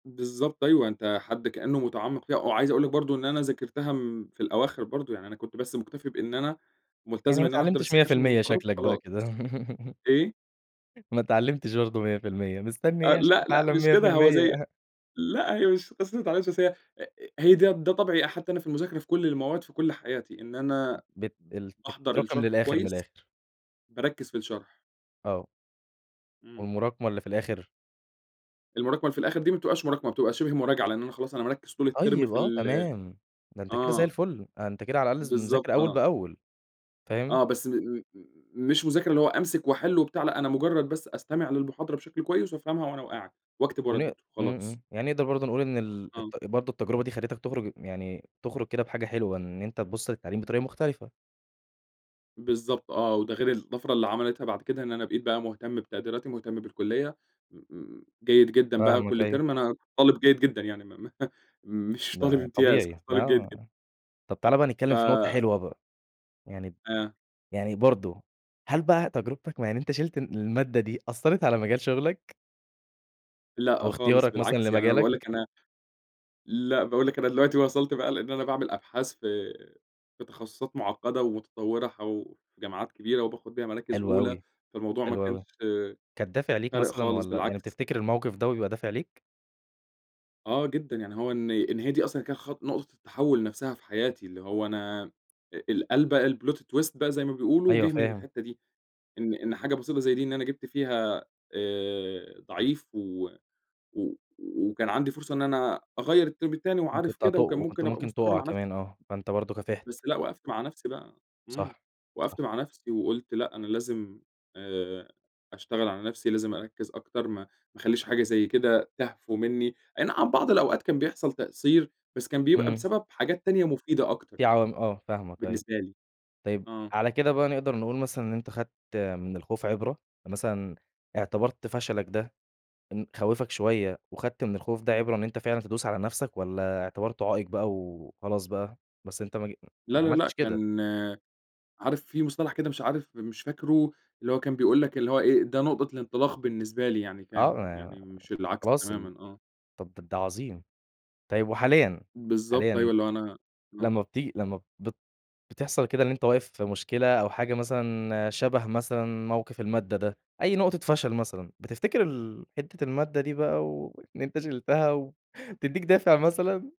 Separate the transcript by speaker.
Speaker 1: بالضبط أيوه، أنت حد كأنّه مُتعمِّق فيها وعايز أقول لك برضه إن أنا ذاكرتها م في الأواخر برضه، يعني أنا كنت بس مُكتفي بإن أنا
Speaker 2: يعني
Speaker 1: ملتزم
Speaker 2: ما
Speaker 1: إن أنا أحضَر
Speaker 2: اتعلمتش مِيَّة في
Speaker 1: السكاشن
Speaker 2: المِيَّة
Speaker 1: والمحاضرات
Speaker 2: شكْلك بقى
Speaker 1: وخلاص.
Speaker 2: كده
Speaker 1: إيه؟
Speaker 2: ما اتعلّمتش برضه 100% مستنّي
Speaker 1: أ
Speaker 2: إيه عشان
Speaker 1: لأ، لأ،
Speaker 2: تتعلّم
Speaker 1: مش
Speaker 2: مِيّة في
Speaker 1: كده، هو زي
Speaker 2: المِيَّة؟
Speaker 1: لأ، هي مش قِصّة ما اتعلّمتش، بس هي أ أ هي ده ده طَبعي حتى أنا في المذاكرة في كل المواد في كل حياتي، إن
Speaker 2: ب
Speaker 1: أنا
Speaker 2: بت ال
Speaker 1: باحضَر
Speaker 2: بتتراكم
Speaker 1: الشرح
Speaker 2: للآخِر، من
Speaker 1: كويس،
Speaker 2: الآخِر.
Speaker 1: باركِّز في الشرح.
Speaker 2: آه.
Speaker 1: إمم.
Speaker 2: والمراكمة اللي في الآخِر؟
Speaker 1: المراكمة اللي في الآخِر دي ما بتبقاش مراكمة، بتبقى شِبه مراجعة، لأن أنا خلاص، أنا مركِّز طول الترم
Speaker 2: طيب،
Speaker 1: في
Speaker 2: آه،
Speaker 1: ال
Speaker 2: تمام، ده أنت كده زي
Speaker 1: آه.
Speaker 2: الفُل، أنت كده على الأقل ز مذاكر
Speaker 1: بالضبط
Speaker 2: أول
Speaker 1: آه.
Speaker 2: بأول، فاهم؟
Speaker 1: آه، بس م م مش مذاكرة اللي هو أمسِك وأحِل وبتاع، لأ أنا مجرد بس أستمع للمحاضرة بشكْل كويس وأفهَمها وأنا وقاعد وأكتب ورا
Speaker 2: ونق
Speaker 1: الدكتور
Speaker 2: إمم،
Speaker 1: وخلاص.
Speaker 2: إمم، يعني نقدَر برضه نقول إن ال
Speaker 1: آه.
Speaker 2: التَ برضه التجربة دي خدتك تُخرج يعني تُخرج كده بحاجة حلوة، إن أنت تبُص للتعليم بطريقة مختلفة.
Speaker 1: بالضبط آه، وده غير الطفرة اللي عملِتها بعد كده، إن أنا بقيت بقى مهتم بتقديراتي، مهتم بالكليّة، م م جيد جدًا بقى
Speaker 2: فاهمك
Speaker 1: كل
Speaker 2: أيوه.
Speaker 1: ترم أنا طالب جيد جدًا يعني م م مش طالب
Speaker 2: ده
Speaker 1: إمتياز
Speaker 2: طبيعي،
Speaker 1: كنت
Speaker 2: آه،
Speaker 1: طالب جيد جدًا.
Speaker 2: آه. طب تعالَ بقى
Speaker 1: ف
Speaker 2: نتكلّم في نقطة حلوة بقى، يعني ب
Speaker 1: آه.
Speaker 2: يعني برضه، هل بقى تجربتك م يعني أنت شِيلت ال المادة دي، أثّرت على مجال شُغلك؟ أو
Speaker 1: لأ، خالص
Speaker 2: اختيارك مثلًا
Speaker 1: بالعكس، يعني أنا بأقول
Speaker 2: لمجالك؟
Speaker 1: لك أنا لأ بأقول لك أنا دلوقتي وصَلت بقى لإن أنا بأعمل أبحاث في في تخصصات معقّدة ومتطوّرة حو جامعات كبيرة وباخد بيها مراكز
Speaker 2: حلو
Speaker 1: أولى،
Speaker 2: أوي،
Speaker 1: فالموضوع ما
Speaker 2: حلو
Speaker 1: كانش
Speaker 2: أوي. كانت دافع ليك
Speaker 1: فارق
Speaker 2: مثلًا
Speaker 1: خالص،
Speaker 2: والّا يعني
Speaker 1: بالعكس.
Speaker 2: بتفتكِر الموقِف ده بيبقى دافع ليك؟
Speaker 1: آه جدًا، يعني هو إن إن هي دي أصلًا كانت خط نقطة التحوُّل نفْسها في حياتي، اللي هو أنا أ القلبة، الplot twist بقى زي ما بيقولوا
Speaker 2: أيوه
Speaker 1: جه من
Speaker 2: فاهم.
Speaker 1: الحِتّة دي، إن إن حاجة بسيطة زي دي، إن أنا جِبت فيها آآ ضعيف و و وكان عندي فرصة إن أنا أغيّر الترم التاني
Speaker 2: ممكن
Speaker 1: وعارف
Speaker 2: ك
Speaker 1: كده
Speaker 2: تُق
Speaker 1: وكان
Speaker 2: وكنت
Speaker 1: ممكن أبقى
Speaker 2: ممكن
Speaker 1: مستقِر
Speaker 2: تُقع
Speaker 1: مع نفْسي.
Speaker 2: كمان آه، فأنت برضه كافِحت.
Speaker 1: بس لأ وقفْت مع نفسي بقى، امم،
Speaker 2: صح،
Speaker 1: وقّفت
Speaker 2: صح.
Speaker 1: مع نفسي وقُلت لأ، أنا لازم آآ أشتغل على نفسي، لازم أركّز أكتر، ما ما أخلّيش حاجة زي كده تهفو منِّي، أينَعم بعض الأوقات كان بيحصَل تقصير، بس كان بيبقى
Speaker 2: إمم.
Speaker 1: بسبب حاجات تانية مفيدة أكتر
Speaker 2: في
Speaker 1: يعني،
Speaker 2: عوامل آه، فاهمك أيوه،
Speaker 1: بالنسبة لي.
Speaker 2: طيب
Speaker 1: آه.
Speaker 2: على كده بقى نقدَر نقول مثلًا إن أنت خَدت من الخوف عبرة؟ مثلًا إعتبَرت فشلَك ده إن خَوّفك شوية وخدْت من الخوف ده عِبرة، إن أنت فعلًا تدوس على نفْسك والّا اعتبرته عائق بقى وخلاص بقى، بس أنت مج ما
Speaker 1: لا، لا، لأ،
Speaker 2: عملتش كده.
Speaker 1: كان عارف في مصطلح كده مش عارف مش فاكره اللي هو كان بيقول لك، اللي هو إيه، ده نقطة الانطلاق بالنسبة لي يعني، كان،
Speaker 2: آه،
Speaker 1: يعني مش
Speaker 2: [unintelligible]
Speaker 1: العكس
Speaker 2: خلاص، طب
Speaker 1: تمامًا، آه.
Speaker 2: طَب ده أنت عظيم! طيب وحاليًا،
Speaker 1: بالضبط،
Speaker 2: حاليًا
Speaker 1: أيوه اللي هو أنا آه.
Speaker 2: لما بتيجي لما بت بتِحصل كده إن أنت واقف في مشكلة أو حاجة مثلًا شبه مثلًا، موقِف المادة ده، أي نقطة فشل مثلًا بتفتكر ال حِتّة المادة دي بقى وإن أنت شِلتَها و بتدّيك دافِع مثلًا؟